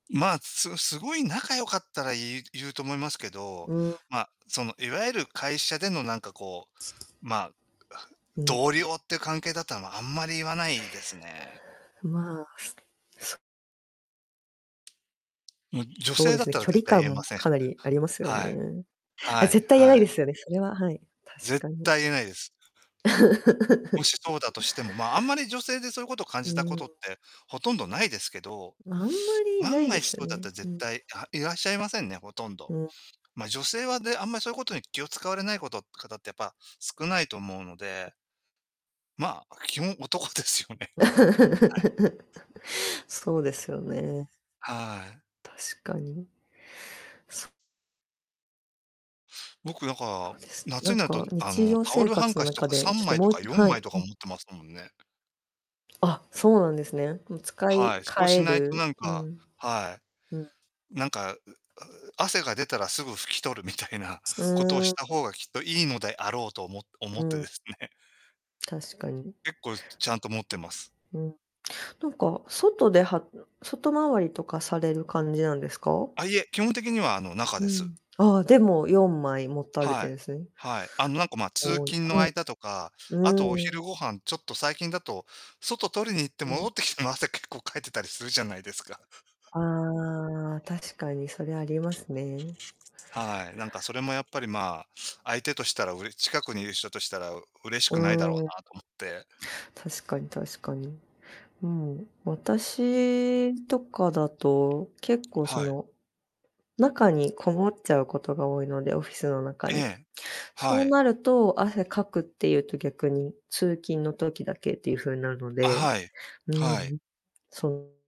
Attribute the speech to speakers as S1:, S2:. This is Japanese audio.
S1: まあ、すすごい仲良かったら、言う言うと思いますけど、
S2: うん。
S1: ま、そのいわゆる会社での会社でのなんかこう、まあ、は
S2: うん。
S1: 同僚って関係だったら、ま、あんまり言わないですね。
S2: まあ。
S1: ん、女
S2: そう
S1: 性
S2: で
S1: だっ
S2: すね、
S1: たら
S2: 距
S1: 絶
S2: 離
S1: 対
S2: 感
S1: 言えま
S2: も
S1: せん。
S2: かなりありますよ
S1: はい。
S2: ね。あ、
S1: はい
S2: 絶対言えな
S1: は
S2: いで
S1: い。
S2: すよね、それは、はい、確
S1: 絶
S2: かに。
S1: 対言えないです。もしそうだ としても、まあ、あんまり女性でそういうこと感
S2: う
S1: じたこ
S2: ー
S1: とっ
S2: ん。
S1: て、ほとんどないですけど、
S2: あんまりな
S1: 万
S2: いん
S1: が
S2: です
S1: 一そ
S2: よ
S1: うだっ
S2: ね、
S1: たら、
S2: う
S1: 絶
S2: ん。
S1: 対あ、いらっしゃいませんね、ほとんど。
S2: うん。
S1: ま、女性はね、あんま、そうことに気を使われない事方ってやっぱ少ないと思うのでまあ、基本、男ですよね。はい。
S2: そうですよね。
S1: はい。
S2: 確かに。そ
S1: 僕なんか、
S2: そうです。
S1: 夏
S2: な
S1: に
S2: ん
S1: なると、
S2: か
S1: あ
S2: 日
S1: の、
S2: 常
S1: タオ
S2: 生
S1: ルハン
S2: 活
S1: カ
S2: の
S1: チと
S2: 中
S1: かさ
S2: で、ち
S1: ん
S2: ょっ
S1: ま
S2: と
S1: いと
S2: もうい
S1: かよん
S2: は
S1: まい
S2: い。
S1: と
S2: う
S1: か持
S2: ん。
S1: ってますもんね。
S2: あ、そうなんですね。も、使
S1: は
S2: い
S1: い、そ
S2: 換
S1: うし
S2: え
S1: ないと
S2: る
S1: なん
S2: う
S1: か、
S2: ん。
S1: はい。
S2: うん。
S1: なんか、うう汗が出たらすぐ拭き取るみたいな
S2: う
S1: ことを
S2: ー
S1: し
S2: ん。
S1: た方がきっといいのであろうとおも思
S2: う
S1: ってで
S2: ん。
S1: すね。
S2: 確かに。
S1: 結構、ちちゃんと持ってます。
S2: うん、なんか外で、はん、外回りとかされる感じなんですか？
S1: あ、いえ、基本的には、あの、中
S2: う
S1: です。
S2: ん、ああ、でも、4枚持たれ
S1: は
S2: て
S1: い。
S2: んすね。
S1: はい。あの、なんか、ま、通
S2: 多い
S1: 勤の
S2: はい。
S1: 間とか、
S2: う
S1: あとお
S2: ー
S1: 昼
S2: ん。
S1: ご飯、ちょっと最近だと、外、取りに行って
S2: う
S1: 戻
S2: ん。
S1: ってきても、汗、結構、かいてたりするじゃないですか。
S2: ああ、確かにそれありますね。
S1: はい、なんかそれもやっぱりまあ、相手としたら、うれ近くにいる人としたら嬉しくないだろう
S2: うーん。
S1: なと思って。
S2: 確かに確かに、うん、私とかだと結構、そ
S1: はい。
S2: の、中にこもっちゃうことが多いので、オフィスの中
S1: え
S2: に、
S1: え。は
S2: そう
S1: い。
S2: なると、汗かくってゆうと、逆に、通勤の時だけっていうふうなの
S1: あ、
S2: で、
S1: はい。
S2: うん、
S1: はい。
S2: う、そう。